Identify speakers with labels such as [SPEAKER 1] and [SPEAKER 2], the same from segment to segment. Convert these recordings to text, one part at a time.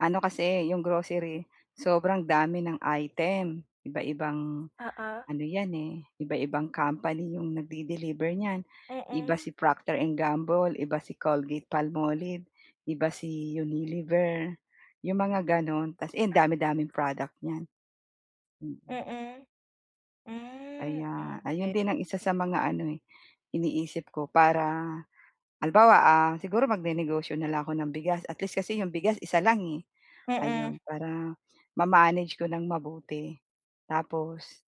[SPEAKER 1] Ano kasi 'yong grocery sobrang dami ng item, iba-ibang
[SPEAKER 2] Oo.
[SPEAKER 1] ano 'yan, eh, iba-ibang company 'yong nagde-deliver niyan. Iba
[SPEAKER 2] Mm.
[SPEAKER 1] si Procter& Gamble, iba si Colgate-Palmolive, iba si Unilever, 'yong mga gano'n. Tapos 'yan ang dami-daming product niyan, mm.
[SPEAKER 2] Mm. Hmm,
[SPEAKER 1] Aya ayon
[SPEAKER 2] okey.
[SPEAKER 1] din ang isa sa mga ano, eh, iniisip ko para halimbawa, ah, siguro magnenegosyo na lang ako ng bigas at least kasi 'yong bigas isa lang, eh,
[SPEAKER 2] Mm.
[SPEAKER 1] ayun. Para ma-manage ko ng mabuti, tapos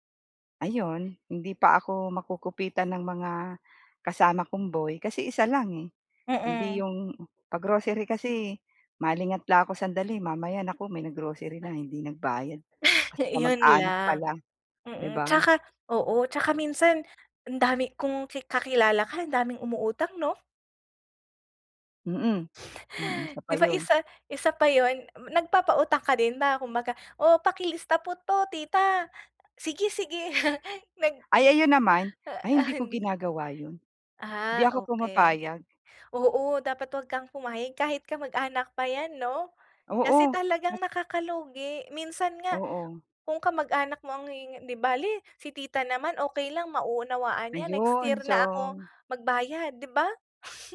[SPEAKER 1] ayon hindi pa ako makukupitan ng mga kasama kong boy. Kasi isa lang, eh, hindi
[SPEAKER 2] Mm.
[SPEAKER 1] 'yong, pag-grocery kasi, malingat lang ako sandali mamaya naku may nag-grocery na, hindi nagbayad kasi
[SPEAKER 2] 'Yun
[SPEAKER 1] kamag-anak
[SPEAKER 2] lang,
[SPEAKER 1] pala, 'di
[SPEAKER 2] mm.
[SPEAKER 1] ba?
[SPEAKER 2] 'Tsaka oo 'tsaka minsan ang dami kung ki kakilala ka ang daming umuutang 'no?
[SPEAKER 1] Mm, mm, isa pa
[SPEAKER 2] 'Di ba
[SPEAKER 1] 'yun.
[SPEAKER 2] isa isa pa 'yun, m nagpapautang ka din ba kumbaga, "O pakilista po 'to tita," "Sige-sige." nag
[SPEAKER 1] Ay, ayun naman,
[SPEAKER 2] ah,
[SPEAKER 1] ay hindi ko
[SPEAKER 2] an
[SPEAKER 1] ginagawa 'yun, 'di
[SPEAKER 2] Ah,
[SPEAKER 1] ako
[SPEAKER 2] okey.
[SPEAKER 1] pumapayag.
[SPEAKER 2] Oo, dapat 'wag kang pumayag kahit kamag-anak pa yan 'no. Kasi
[SPEAKER 1] Oo, kas
[SPEAKER 2] talagang nakaka-lugi, minsan nga
[SPEAKER 1] Oo.
[SPEAKER 2] kung kamag-anak mo ang hihing "'Di bale, si tita naman okey lang mauunawaan niya, next
[SPEAKER 1] Ayun
[SPEAKER 2] year na ako
[SPEAKER 1] so
[SPEAKER 2] magbayad." 'di ba?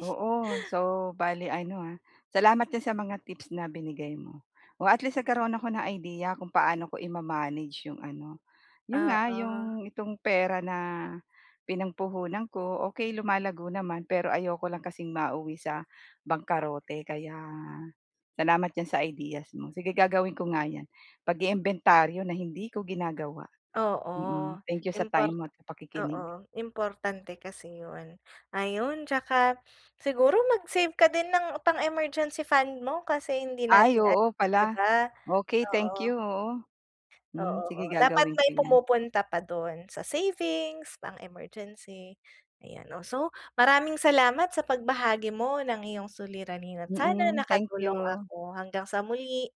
[SPEAKER 1] Oo, so bale ano ha salamat din sa mga tips na binigay mo. O, at least nagkaroon ako ng idea kung paano ko i-ma-manage 'yong ano 'yon nga
[SPEAKER 2] Oo.
[SPEAKER 1] 'yong, itong pera na pinangpuhunan ko. Okey, lumalago naman pero ayoko lang kasing mauwi sa bangkarote. Kaya salamat diyan sa ideas mo, sige gagawin ko nga 'yan pag-iimbentaryo na hindi ko ginagawa.
[SPEAKER 2] Oo
[SPEAKER 1] Mm, thank you sa time
[SPEAKER 2] import
[SPEAKER 1] mo at
[SPEAKER 2] oo,
[SPEAKER 1] pakikinig.
[SPEAKER 2] importante kasi 'yun. Ayun, 'tsaka siguro mag-save ka din ng pang-emergency fund mo kasi hindi
[SPEAKER 1] Ay,
[SPEAKER 2] natin alam,
[SPEAKER 1] oo
[SPEAKER 2] 'di
[SPEAKER 1] pala.
[SPEAKER 2] ba,
[SPEAKER 1] Okey, thank
[SPEAKER 2] oo.
[SPEAKER 1] you, oo. Hmm,
[SPEAKER 2] Oo,
[SPEAKER 1] sige
[SPEAKER 2] oo. Dapat
[SPEAKER 1] gagawin ko
[SPEAKER 2] may
[SPEAKER 1] 'yan.
[SPEAKER 2] pumupunta pa dun, sa savings, pang-emergency. Ayan, oh, so maraming salamat sa pagbahagi mo ng iyong suliranin at sana
[SPEAKER 1] Mm, thank
[SPEAKER 2] nakatulong
[SPEAKER 1] you!
[SPEAKER 2] ako. Hanggang sa muli.